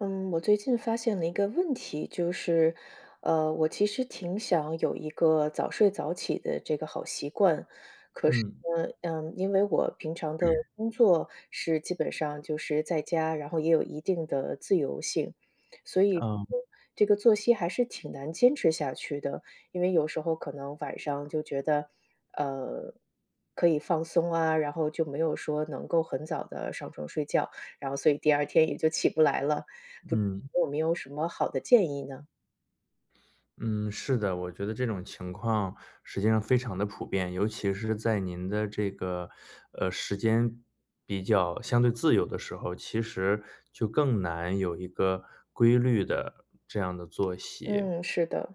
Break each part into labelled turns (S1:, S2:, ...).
S1: 嗯，我最近发现了一个问题就是，呃，我其实挺想有一个早睡早起的这个好习惯。
S2: 嗯。
S1: 可是呢，嗯，因为我平常的 工作是基本上就是在家，然后也有一定的自由性，所以，
S2: 呃。
S1: 这个作息还是挺难坚持下去的。因为有时候可能晚上就觉得，呃，可以放松啊，然后就没有说能够很早地上床睡觉，然后所以第二天也就起不来了。不知道
S2: 嗯。
S1: 有没有什么好的建议呢？
S2: 嗯，是的。我觉得这种情况实际上非常地普遍，尤其是在您的这个，呃，时间比较相对自由的时候，其实就更难有一个规律的，这样的作息。
S1: 嗯，是的。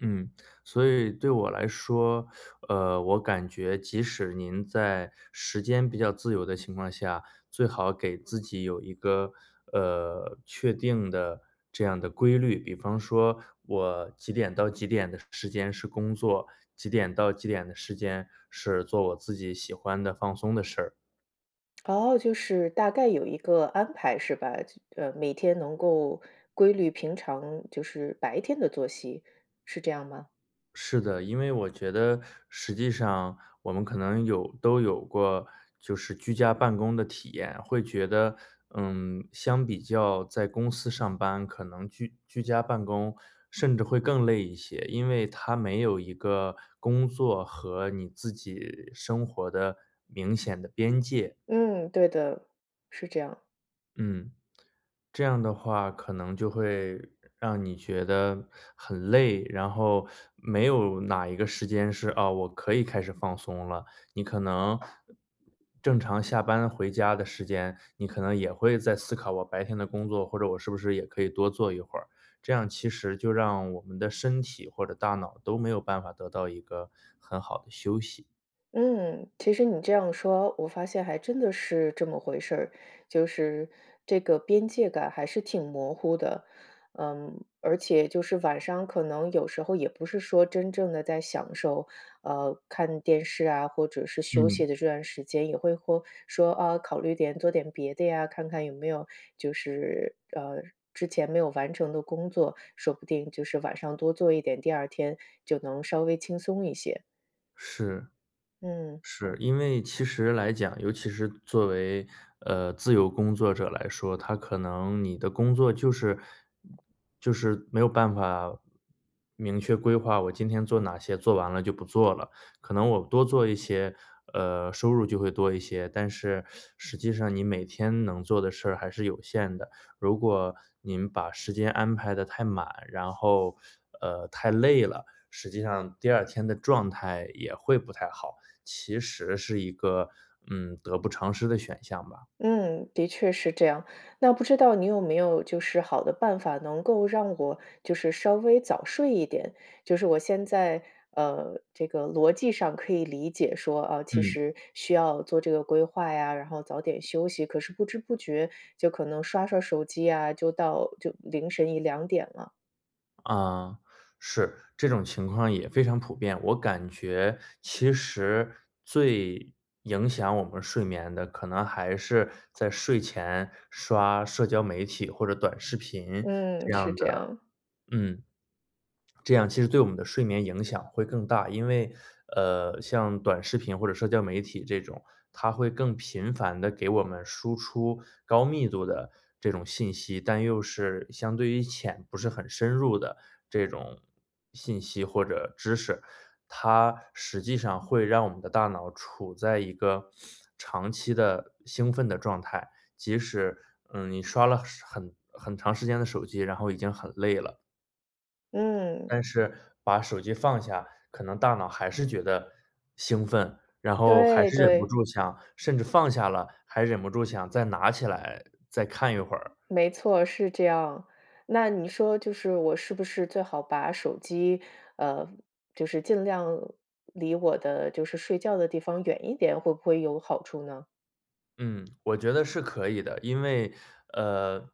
S2: 嗯，所以对我来说，呃，我感觉即使您在时间比较自由的情况下，最好给自己有一个，呃，确定的这样的规律。比方说我几点到几点的时间是工作？几点到几点的时间是做我自己喜欢的放松的事儿？
S1: 哦，就是大概有一个安排，是吧？就呃，每天能够规律平常就是白天的作息，是这样吗？
S2: 是的，因为我觉得实际上我们可能有都有过就是居家办公的体验，会觉得嗯，相比较在公司上班，可能居居家办公，甚至会更累一些，因为它没有一个工作和你自己生活的明显的边界。
S1: 嗯，对的，是这样。
S2: 嗯。这样的话可能就会让让你觉得很累，然后 没有哪一个时间是“啊，我可以开始放松了。”你可能正常下班回家的时间，你可能也会在思考我白天的工作，或者我是不是也可以多做一会儿？这样其实就让我们的身体或者大脑都没有办法得到一个很好的休息。
S1: 嗯，其实你这样说哦，我发现还真的是这么回事儿，就是这个边界感还是挺模糊的。嗯，而且就是晚上可能有时候也不是说真正地在享受，呃，看电视啊，或者是休
S2: 嗯。
S1: 息的这段时间，也会嚯说：“啊，考虑点做点别的呀。”看看有没有就是呃，之前没有完成的工作，说不定就是晚上多做一点，第二天就能稍微轻松一些。
S2: 是，
S1: 嗯。
S2: 是，因为其实来讲，尤其是作为，呃，自由工作者来说，他可能你的工作就是就是没有办法，明确规划我今天做哪些做完了就不做了，可能我多做一些，呃，收入就会多一些。但是 实际上你每天能做的事儿还是有限的，如果您把时间安排得太满，然后，呃，太累了，实际上第二天的状态也会不太好，其实是一个，嗯，得不偿失的选项吧。
S1: 嗯，的确是这样，那不知道你有没有就是好的办法，能够让我就是稍微早睡一点。就是我现在，呃，这个逻辑上可以理解说，啊，其
S2: 嗯。
S1: 实需要做这个规划呀，然后早点休息，可是不知不觉就可能刷刷手机呀，就到就凌晨1:00-2:00了。
S2: 啊，是，这种情况也非常普遍，我感觉其实最影响我们睡眠的可能还是在睡前刷社交媒体或者短视频
S1: 嗯，
S2: 这
S1: 是
S2: 样
S1: 这
S2: 的，
S1: 样。
S2: 嗯。这样其实对我们的睡眠影响会更大，因为，呃，像短视频或者社交媒体这种，它会更频繁地给我们输出高密度的这种信息，但又是相对于浅、不是很深入的这种信息或者知识，它实际上会让我们的大脑处在一个 长期的兴奋的状态，即使，嗯，你刷了时很很长时间的手机，然后已经很累了。
S1: 嗯。
S2: 但是把手机放下，可能大脑还是觉得兴奋，然后还
S1: 对，
S2: 是忍不
S1: 对。
S2: 住想甚至放下了，还忍不住想再拿起来再看一会儿。
S1: 没错，是这样。那你说就是我是不是最好把手机，呃，就是尽量离我的就是睡觉的地方远一点，会不会有好处呢？
S2: 嗯，我觉得是可以的。因为呃，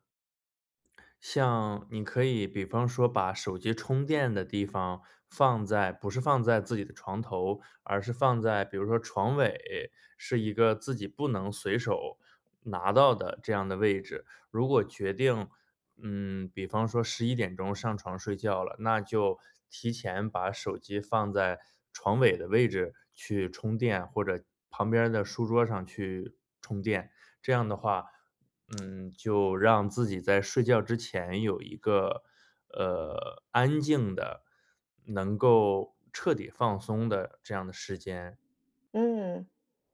S2: 像你可以比方说把手机充电的地方放在不是放在自己的床头，而是放在比如说床尾，是一个自己不能随手拿到的这样的位置，如果决定，嗯，比方说11:00上床睡觉了，那就提前把手机放在床尾的位置去充电，或者旁边儿的书桌上去充电，这样的话，嗯，就让自己在睡觉之前有一个，呃，安静的、能够彻底放松的这样的时间。
S1: 嗯，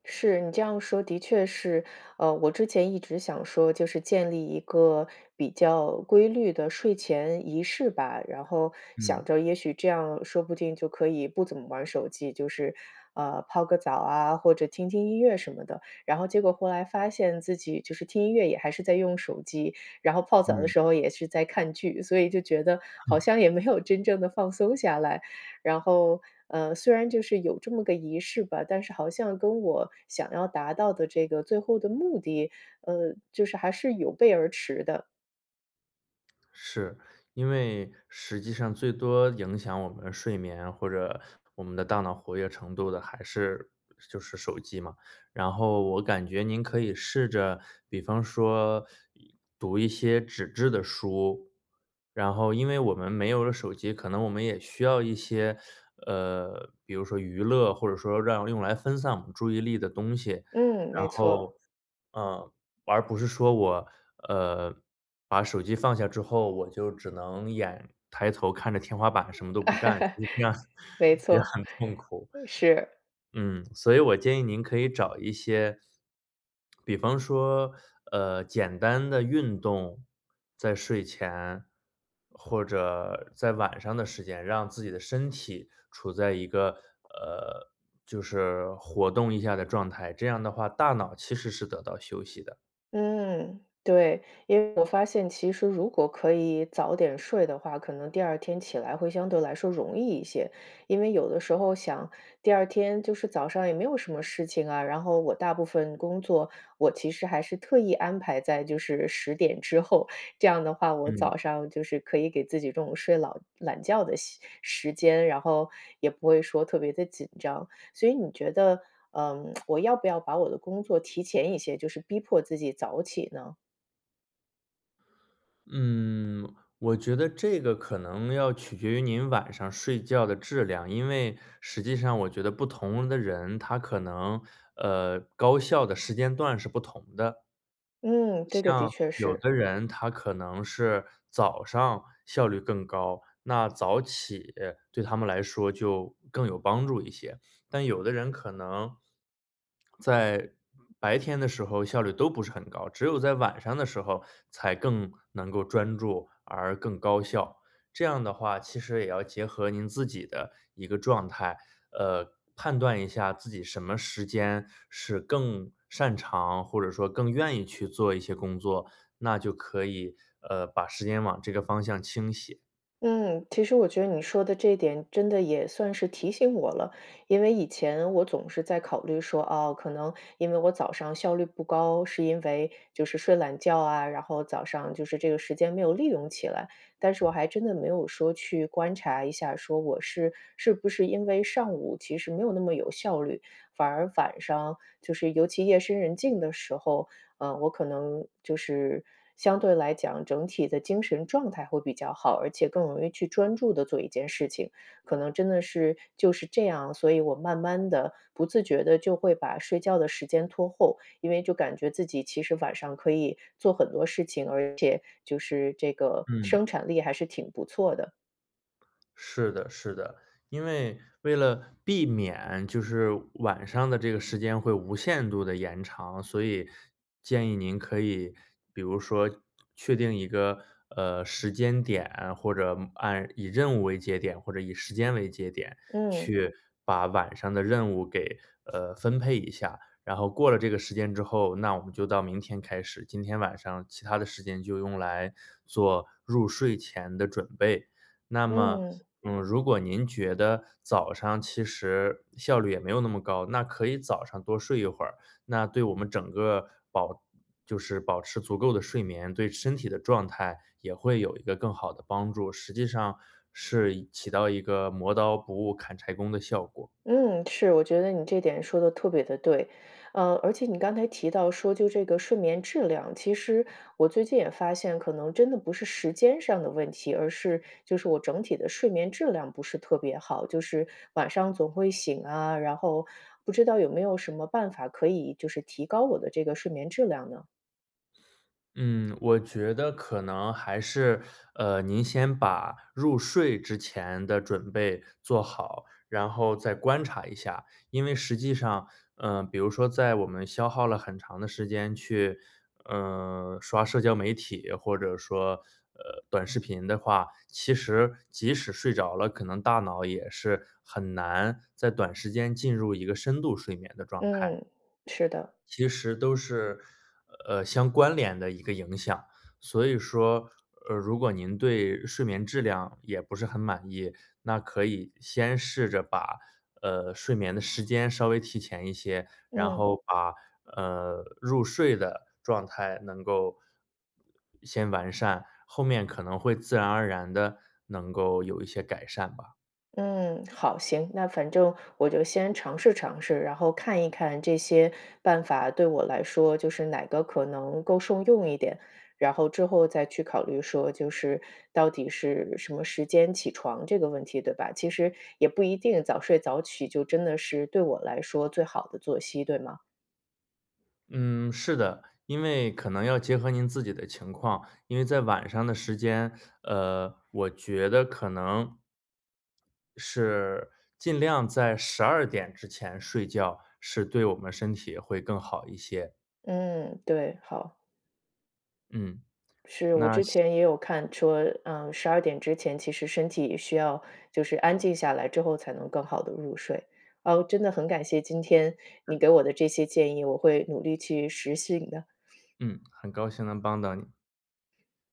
S1: 是，你这样说的确是。呃，我之前一直想说就是建立一个比较规律的睡前仪式吧，然后
S2: 嗯。
S1: 想着也许这样说不定就可以不怎么玩儿手机，就是，啊，泡个澡啊，或者听听音乐什么的。然后结果后来发现自己就是听音乐也还是在用手机，然后泡澡的
S2: 嗯。
S1: 时候也是在看剧，所以就觉得好 像也没有真正的放松下来。然后，呃，虽然就是有这么个仪式吧，但是好像跟我想要达到的这个最后的目的，呃，就是还是有背而驰的。
S2: 是，因为实际上最多影响我们睡眠或者我们的大脑活跃程度的还是就是手机嘛。然后我感觉您可以试着比方说，一读一些纸质的书，然后因为我们没有了手机，可能我们也需要一些，呃，比如说娱乐，或者说让用来分散我们注意力的东西。
S1: 嗯，
S2: 然
S1: 没错。
S2: 后呃，而不是说我，呃，把手机放下之后，我就只能眼抬头看着天花板，什么都不干，其实这样
S1: 没
S2: 也
S1: 错，
S2: 很痛苦。
S1: 是。
S2: 嗯，所以我建议您可以找一些，比方说，呃，简单的运动在睡前，或者在晚上的时间，让自己的身体处在一个，呃，就是活动一下的状态，这样的话大脑其实是得到休息的。
S1: 嗯，对。因为我发现其实如果可以早点睡的话，可能第二天起来会相对来说容易一些。因为有的时候想第二天就是早上也没有什么事情啊，然后我大部分工作我其实还是特意安排在就是10点之后，这样的话，我
S2: 嗯。
S1: 早上就是可以给自己中午睡老懒觉的习时间，然后也不会说特别地紧张。所以你觉得，嗯，我要不要把我的工作提前一些，就是逼迫自己早起呢？
S2: 嗯，我觉得这个可能要取决于您晚上睡觉的质量，因为实际上我觉得不同的人，他可能呃，高效的时间段是不同的。
S1: 嗯，这个的
S2: 像
S1: 确
S2: 有
S1: 是。
S2: 的人，它可能是早上效率更高，那早起对他们来说就更有帮助一些，但有的人可能，在白天的时候效率都不是很高，只有在晚上的时候才更能够专注而更高效。这样的话其实也要结合您自己的一个状态，呃，判断一下自己什么时间是更擅长，或者说更愿意去做一些工作，那就可以呃，把时间往这个方向倾斜。
S1: 嗯，其实我觉得你说的这点真的也算是提醒我了。因为以前我总是在考虑说，啊，可能因为我早上效率不高，是因为，就是睡懒觉啊，然后早上就是这个时间没有利用起来。但是我还真的没有说去观察一下，说我是是不是因为上午其实没有那么有效率，反而晚上，就是尤其夜深人静的时候，呃，我可能就是相对来讲，整体的精神状态会比较好，而且更容易去专注地做一件事情。可能真的是，就是这样，所以我慢慢地不自觉地就会把睡觉的时间拖后，因为就感觉自己其实晚上可以做很多事情，而且就是这个
S2: 嗯。
S1: 生产力还是挺不错的。
S2: 是的，是的，因为为了避免就是晚上的这个时间会无限度地延长，所以建议您可以比如说确定一个，呃，时间点，或者，嗯，按以任务为节点，或者以时间为节点，
S1: 嗯。
S2: 去把晚上的任务给，呃，分配一下。然后过了这个时间之后，那我们就到明天开始，今天晚上其它的时间就用来做入睡前的准备。那么，
S1: 嗯。
S2: 呃，如果您觉得早上其实效率也没有那么高，那可以早上多睡一会儿，那对我们整个保就是保持足够的睡眠，对身体的状态也会有一个更好的帮助，实际上是一起到一个磨刀不误砍柴工的效果。
S1: 嗯，是，我觉得你这点说的特别地对。啊，而且你刚才提到说就这个睡眠质量，其实我最近也发现可能真的不是时间上的问题，而是就是我整体的睡眠质量不是特别好，就是晚上总会醒啊，然后不知道有没有什么办法可以就是提高我的这个睡眠质量呢？
S2: 嗯，我觉得可能还是，呃，您先把入睡之前的准备做好，然后再观察一下。因为实际上嗯，比如说在我们消耗了很长的时间去，呃，刷社交媒体，或者说，呃，短视频的话，其实即使睡着了，可能大脑也是很难在短时间进入一个深度睡眠的状态。
S1: 嗯，是的。
S2: 其实都是，呃，相关联的一个影响。所以说，呃，如果您对睡眠质量也不是很满意，那可以先试着把，呃，睡眠的时间稍微提前一些，然
S1: 嗯。
S2: 后把，呃，入睡的状态，能够，先完善。后面可能会自然而然地，能够有一些改善吧。
S1: 嗯，好，行，那反正我就先尝试尝试，然后看一看这些办法对我来说就是哪个可能够受用一点。然后之后再去考虑说，就是到底是什么时间起床这个问题，对吧？其实也不一定早睡早起，就真的是对我来说最好的作息，对吗？
S2: 嗯，是的。因为，可能要结合您自己的情况。因为在晚上的时间 呃，我觉得可能是尽量在12点之前睡觉，是对我们身体会更好一些。
S1: 嗯，对，好。
S2: 嗯，
S1: 是，我
S2: 那
S1: 之
S2: 希
S1: 前也有看说，呃，十二点之前其实身体也需要就是安静下来之后才能更好地入睡。啊，真的很感谢今天你
S2: 是。
S1: 给我的这些建议，我会努力去实行的。
S2: 嗯，很高兴能帮到你。